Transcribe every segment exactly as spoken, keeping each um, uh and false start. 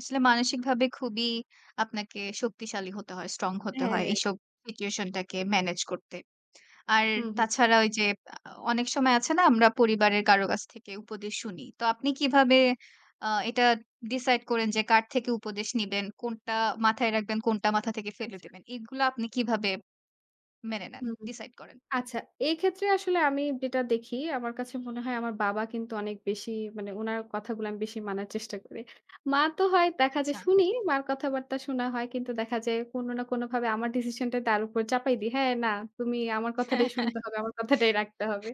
আসলে মানসিকভাবে খুবই আপনাকে শক্তিশালী হতে হয়, স্ট্রং হতে হ্যাঁ, হয় হ্যাঁ। এইসব সিচুয়েশন টাকে ম্যানেজ করতে। আর হুম, হুম। তাছাড়া ওই যে আ আ অনেক সময় আছে না? আমরা পরিবারের কারো কাছ থেকে উপদেশ শুনি। তো আপনি কিভাবে আ এটা ডিসাইড করেন যে কার থেকে উপদেশ নিবেন, কোনটা মাথায় রাখবেন, কোনটা মাথা থেকে ফেলে আচ্ছা। দিবেন এগুলা আপনি কিভাবে মেনে নেন, হুম, হুম ডিসাইড করেন? আচ্ছা, এই ক্ষেত্রে আসলে আমি যেটা দেখি, আমার কাছে মনে হয় আমার বাবা কিন্তু অনেক বেশি মানে উনার কথাগুলো আমি বেশি মানার চেষ্টা করি। মা তো হয় দেখা যায় আচ্ছা। শুনি মার কথাবার্তা শোনা হয় কিন্তু দেখা যায় কোন না কোন ভাবে আমার ডিসিশনটা তার উপর চাপাই দি। হ্যাঁ, না, তুমি আমার হ্যাঁ, কথাটাই হ্যাঁ। শুনতে হবে, আমার কথাটাই রাখতে হবে।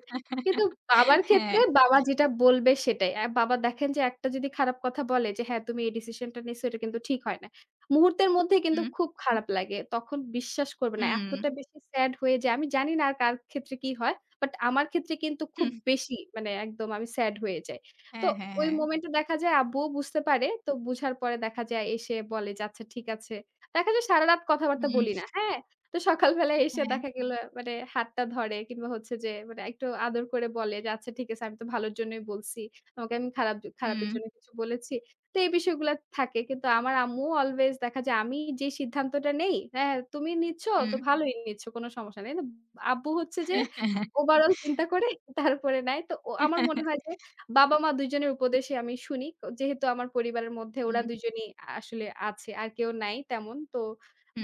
কিন্তু বাবার ক্ষেত্রে হ্যাঁ। বাবা যেটা বলবে সেটাই। অ্যাঁ বাবা দেখেন যে, একটা যদি খারাপ কথা বলে যে, "হ্যাঁ তুমি এই ডিসিশনটা নিস এটা কিন্তু ঠিক হয় না।" মুহূর্তের মধ্যেই কিন্তু হুম। খুব খারাপ লাগে। তখন বিশ্বাস করবে না হুম। এতটা বেশি স্যাড হয়ে যাই। জানি না আর কার ক্ষেত্রে কি হয়। বাট আমার ক্ষেত্রে কিন্তু খুব হুম। বেশি মানে একদম আমি স্যাড হয়ে যাই। তো হ্যাঁ, হ্যাঁ, ওই হ্যাঁ। মোমেন্ট এ দেখা যায় আব্বুও বুঝতে পারে তো বুঝার পরে দেখা যায় এসে বলে যে, "আচ্ছা ঠিক আছে।" দেখা যায় সারারাত কথাবার্তা হুম। বলি না হ্যাঁ? তো সকাল বেলায় এসে হ্যাঁ। দেখা গেলো মানে হাতটা ধরে কিংবা হচ্ছে যে মানে একটু আদর করে বলে যে, "আচ্ছা ঠিক আছে আমি তো ভালোর জন্যই বলছি। তোমাকে আমি খারাপ খারাপের হুম। জন্য কিছু বলেছি?" তো এই বিষয়গুলা থাকে। কিন্তু আমার আম্মুও অ্লওয়েজ দেখা যায় আমি যে সিদ্ধান্তটা নেই, "হ্যাঁ তুমি নিচ্ছ তো হুম। ভালোই নিচ্ছ কোন সমস্যা নেই।" কিন্তু আব্বু হচ্ছে যে হ্যাঁ, হ্যাঁ ওভারঅল চিন্তা করে তারপরে নাই তো ও আমার মনে হয় যে, বাবা-মা দুজনের উপদেশই আমি শুনি। ক যেহেতু আমার পরিবারের মধ্যে ওরা হুম। দুজনই আ আসলে আছে আর কেউ নাই তেমন তো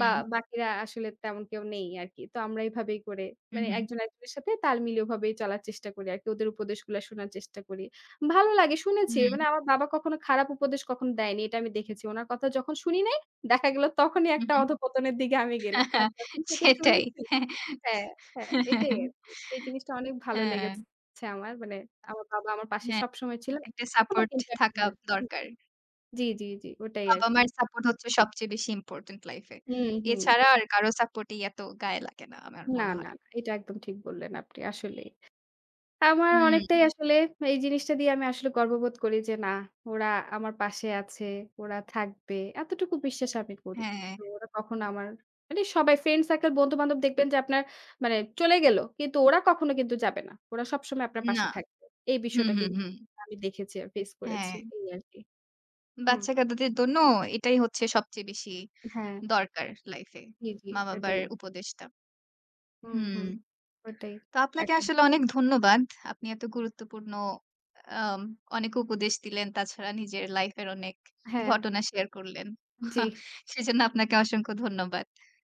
বা বাকিরা আসলে তেমন কেউ নেই আরকি। তো আমরা এভাবেই করে হুম, মানে হুম। একজন, একজনের সাথে তাল মিলিয়ে ওভাবে চলার চেষ্টা করি আরকি ওদের উপদেশগুলা শোনার চেষ্টা করি। ভালো লাগে শুনেছি হুম। মানে আমার বাবা কখনো খারাপ উপদেশ কখনো দেয়নি এটা আমি দেখেছি। ওনার কথা যখন শুনি নাই, দেখা গেলো তখনই হুম, একটা হুম। অধঃপতনের দিকে আমি গেলাম। হ্যাঁ, আর হ্যাঁ যখন থেকে সেটাই।। শুনেছি হ্যাঁ, হ্যাঁ, এটাই আরকি। এই জিনিসটা অনেক ভালো হ্যাঁ। লেগেছে আমার। মানে আমার বাবা আমার পাশে হ্যাঁ, সবসময় ছিল একটা এখনও সাপোর্ট কিন্তু একটা থাকা হু দরকার। জি, জি, জি ওটাই আরকি বাবা-মায়ের হু। সাপোর্ট হচ্ছে সবচেয়ে বেশি ইম্পোর্টেন্ট লাইফ এ হুম, হুম। এছাড়া আর কারো সাপোর্ট এ এত গায়ে লাগে না আমার না, মনে না হয়। এটা একদম ঠিক বললেন আপনি আসলেই। আমার অনেকটাই হুম। আসলে এই জিনিসটা দিয়ে আমি আসলে গর্ববোধ করি যে না, ওরা আমার পাশে আছে, ওরা থাকবে এতটুকু বিশ্বাস আমি করি। হ্যাঁ। তো ওরা কখনো আমার মানে সবাই ফ্রেন্ড সার্কেল বন্ধু-বান্ধব দেখবেন যে আপনার মানে চলে গেল কিন্তু ওরা কখনো কিন্তু যাবে না, ওরা সবসময় আপনার না, পাশে থাকবে। এই হুম, বিষয়টা হুম, কিন্তু হুম। আমি দেখেছি আর ফেস করেছি হ্যাঁ। এই আরকি হুম। বাচ্চা কাদাদের দন্য এটাই হচ্ছে সবচেয়ে বেশি হ্যাঁ। দরকার লাইফ এ জি, জি মা-বাবার এটাই। উপদেষ্টা হুম, হুম। হুম ওটাই, তো আপনাকে এখন আসলে অনেক ধন্যবাদ। আপনি এত গুরুত্বপূর্ণ আম অনেক উপদেশ দিলেন তাছাড়া নিজের লাইফ এর অনেক হ্যাঁ। ঘটনা শেয়ার করলেন জি। সেজন্য আপনাকে অসংখ্য ধন্যবাদ।